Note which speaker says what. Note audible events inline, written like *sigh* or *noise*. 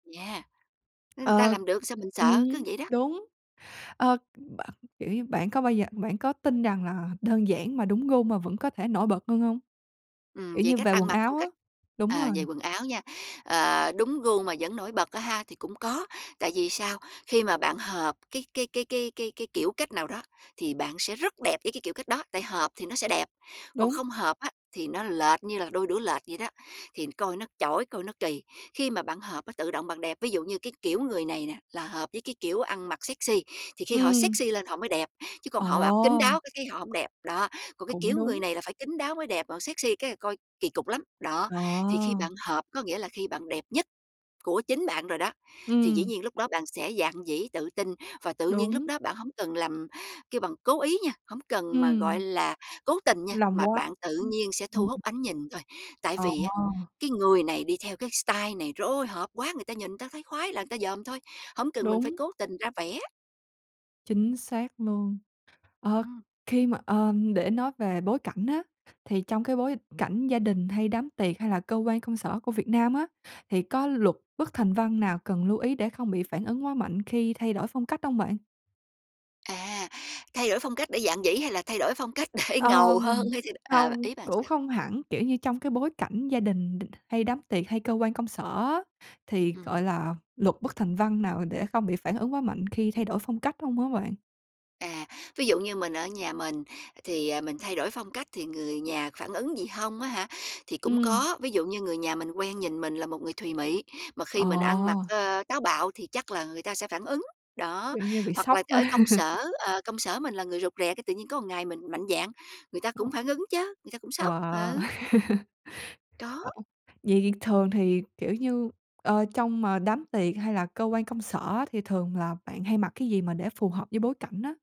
Speaker 1: Yeah. Người ta
Speaker 2: Ờ,
Speaker 1: làm được sao mình
Speaker 2: ừm,
Speaker 1: sợ, cứ vậy đó.
Speaker 2: đúng. Ờ, b kiểu như, bạn có bao giờ bạn có tin rằng là đơn giản mà đúng gu mà vẫn có thể nổi bật hơn hông?
Speaker 1: Ừm,
Speaker 2: Kiểu
Speaker 1: về
Speaker 2: như
Speaker 1: cách
Speaker 2: về
Speaker 1: ăn
Speaker 2: quần
Speaker 1: mặc phong
Speaker 2: áo á.
Speaker 1: cách
Speaker 2: Đúng
Speaker 1: ờ, về
Speaker 2: rồi.
Speaker 1: quần áo nha, ờ, đúng gu mà vẫn nổi bật đó ha, thì cũng có. Tại vì sao? Khi mà bạn hợp cái cái cái cái cái cái kiểu cách nào đó thì bạn sẽ rất đẹp với cái kiểu cách đó, tại hợp thì nó sẽ đẹp. Còn
Speaker 2: Đúng.
Speaker 1: không hợp á thì nó lệch như là đôi đũa lệch vậy đó, thì coi nó chỏi, coi nó kỳ. Khi mà bạn hợp á, tự động bạn đẹp, ví dụ như cái kiểu người này nè là hợp với cái kiểu ăn mặc sexy, thì khi họ
Speaker 2: Ừm.
Speaker 1: sexy lên họ mới đẹp, chứ còn họ mặc kín
Speaker 2: Ồ!
Speaker 1: đáo cái cái họ hổng đẹp, đó. Còn cái
Speaker 2: Cũng
Speaker 1: kiểu người
Speaker 2: đúng.
Speaker 1: này là phải kín đáo mới đẹp, còn sexy cái là coi kỳ cục lắm, đó. Thì khi
Speaker 2: Ồ!
Speaker 1: bạn hợp có nghĩa là khi bạn đẹp nhất của chính bạn rồi đó, thì dĩ
Speaker 2: Ừm.
Speaker 1: nhiên lúc đó bạn sẽ dạn dĩ, tự tin và tự nhiên lúc
Speaker 2: Đúng.
Speaker 1: đó bạn hổng cần làm, kêu bằng, cố ý nha, hổng cần mà, gọi
Speaker 2: Ừm.
Speaker 1: là, cố tình nha,
Speaker 2: Làm
Speaker 1: mà
Speaker 2: quá.
Speaker 1: bạn tự
Speaker 2: Ừm,
Speaker 1: nhiên sẽ
Speaker 2: ừm.
Speaker 1: thu hút ánh nhìn thôi. Tại
Speaker 2: Ờ.
Speaker 1: vì á cái người này đi theo cái style này, trời ơi, hợp quá, người ta nhìn người ta thấy khoái là người ta dòm thôi, hổng cần mình phải
Speaker 2: Đúng.
Speaker 1: cố tình ra vẻ.
Speaker 2: Chính xác luôn. Ờ,
Speaker 1: Ừm.
Speaker 2: khi mà, ờ, để nói về bối cảnh á, thì trong cái bối cảnh gia đình hay đám tiệc hay là cơ quan công sở của Việt Nam á thì có luật bất thành văn nào cần lưu ý để không bị phản ứng quá mạnh khi thay đổi phong cách hông bạn?
Speaker 1: À, thay đổi phong cách để dạn dĩ hay là thay đổi phong cách để ngầu hơn
Speaker 2: Ờm,
Speaker 1: hay thì là à,
Speaker 2: không,
Speaker 1: ý bạn
Speaker 2: cũng
Speaker 1: sao?
Speaker 2: không hẳn. Kiểu như, trong cái bối cảnh gia đình đ hay đám tiệc hay cơ quan công sở á, thì,
Speaker 1: Ừm.
Speaker 2: gọi là, luật bất thành văn nào để không bị phản ứng quá mạnh khi thay đổi phong cách không á bạn?
Speaker 1: À, ví dụ như mình ở nhà mình thì, ờ, mình thay đổi phong cách thì người nhà phản ứng gì hông á hả? Thì cũng
Speaker 2: Ừm.
Speaker 1: có, ví dụ như người nhà mình quen nhìn mình là một người thùy mị, mà khi mình ăn mặc,
Speaker 2: Ờ.
Speaker 1: ờ, táo bạo thì chắc là người ta sẽ phản ứng, đó.
Speaker 2: Kiểu như bị
Speaker 1: Hoặc
Speaker 2: sốc
Speaker 1: là
Speaker 2: thôi.
Speaker 1: ở công sở,
Speaker 2: *laughs*
Speaker 1: ờ, công sở mình là người rụt rè cái tự nhiên có ngày mình mạnh dạn, người ta cũng
Speaker 2: *unintelligible*
Speaker 1: phản ứng chớ, người ta cũng sốc,
Speaker 2: Wow!
Speaker 1: ừ.
Speaker 2: *laughs* Ờ,
Speaker 1: Có.
Speaker 2: vậy thì thường thì, kiểu như, ờ, trong, ờ, đám tiệc hay là cơ quan công sở á thì thường là bạn hay mặc cái gì mà để phù hợp với bối cảnh á?